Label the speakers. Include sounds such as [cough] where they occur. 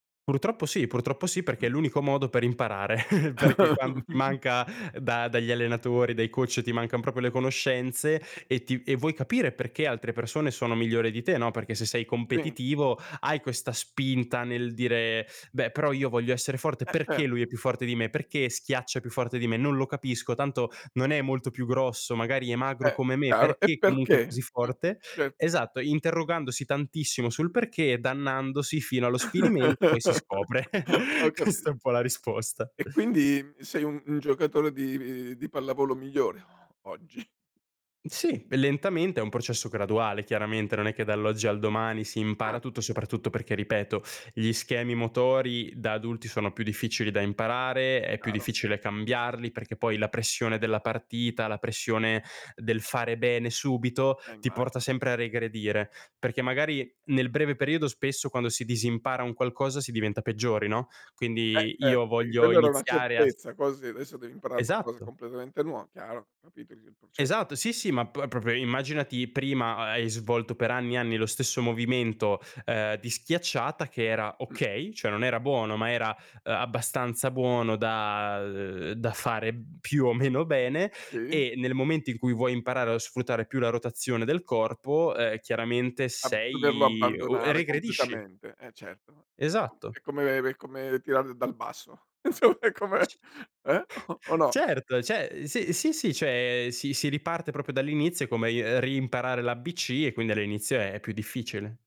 Speaker 1: Purtroppo sì. Purtroppo sì perché è
Speaker 2: Mh.
Speaker 1: l'unico modo per imparare, [chuckles] perché quando ti
Speaker 2: [laughs]
Speaker 1: manca da dagli allenatori, dai coach, e ti mancan proprio le conoscenze e ti e vuoi capire perché altre persone sono migliori di te, no, perché se sei
Speaker 2: Sì.
Speaker 1: competitivo hai questa spinta nel dire: "Beh, però io voglio essere forte.
Speaker 2: Eh,
Speaker 1: Perché lui è
Speaker 2: certo.
Speaker 1: più forte di me? Perché schiaccia più forte di me? Non lo capisco, tanto non è molto più grosso" magari è
Speaker 2: Eh,
Speaker 1: magro come me
Speaker 2: eh allo E
Speaker 1: "perché comunque è
Speaker 2: perché?
Speaker 1: così forte?"
Speaker 2: Mh. [unintelligible]
Speaker 1: Esatto, ehm, interrogandosi tantissimo sul perché e dannandosi fino allo sfinimento, poi si scopre. [chuckles]
Speaker 2: [laughs] Ho capit
Speaker 1: Questa è un po' la risposta.
Speaker 2: E quindi, mhmm, sei un un giocatore di di pallavolo migliore o oggi.
Speaker 1: Mh, sì. E lentamente, è
Speaker 2: [unintelligible]
Speaker 1: un processo graduale chiaramente, non è che dall'oggi al domani si impara
Speaker 2: Ah!
Speaker 1: tutto, soprattutto perché ripeto, gli schemi motori da adulti sono più difficili da imparare, è più
Speaker 2: Chiaro.
Speaker 1: difficile cambiarli perché poi la pressione della partita, la pressione del fare bene subito,
Speaker 2: Eh,
Speaker 1: ti porta
Speaker 2: immagino.
Speaker 1: sempre a regredire. Perché
Speaker 2: [unintelligible]
Speaker 1: magari nel breve periodo spesso quando si disimpara un qualcosa si diventa peggiori, no,
Speaker 2: Eh,
Speaker 1: quindi
Speaker 2: certo.
Speaker 1: io
Speaker 2: Perché
Speaker 1: voglio
Speaker 2: quello era una
Speaker 1: iniziare a s
Speaker 2: certezza così adesso devi imparare qualcosa
Speaker 1: Esatto.
Speaker 2: completamente nuova. Chiaro. Capito i il processo.
Speaker 1: Esatto, sì, sì. Ma p proprio immaginati prima ha hai svolto per anni e anni lo stesso movimento, ehm, di schiacciata che era
Speaker 2: Mh.
Speaker 1: okay, cioè non era buono, ma era, ehm, abbastanza buono da ehm, da fare [unintelligible] più o meno bene
Speaker 2: Sì.
Speaker 1: e nel momento in cui vuoi imparare a sfruttare più la rotazione del corpo, ehm, chiaramente
Speaker 2: Ab doverlo
Speaker 1: sei o e
Speaker 2: abbandonare
Speaker 1: regredisci.
Speaker 2: completamente. Eh certo, è co
Speaker 1: Esatto.
Speaker 2: è come è come tirare dal basso. Insomma è
Speaker 1: C
Speaker 2: come [chuckles] eh?
Speaker 1: [chuckles]
Speaker 2: O o no?
Speaker 1: Certo! Cioè, ehm, s sì, sì, cioè, si si riparte proprio dall'inizio come i ehm, riimparare l'ABC e quindi all'inizio è più difficile.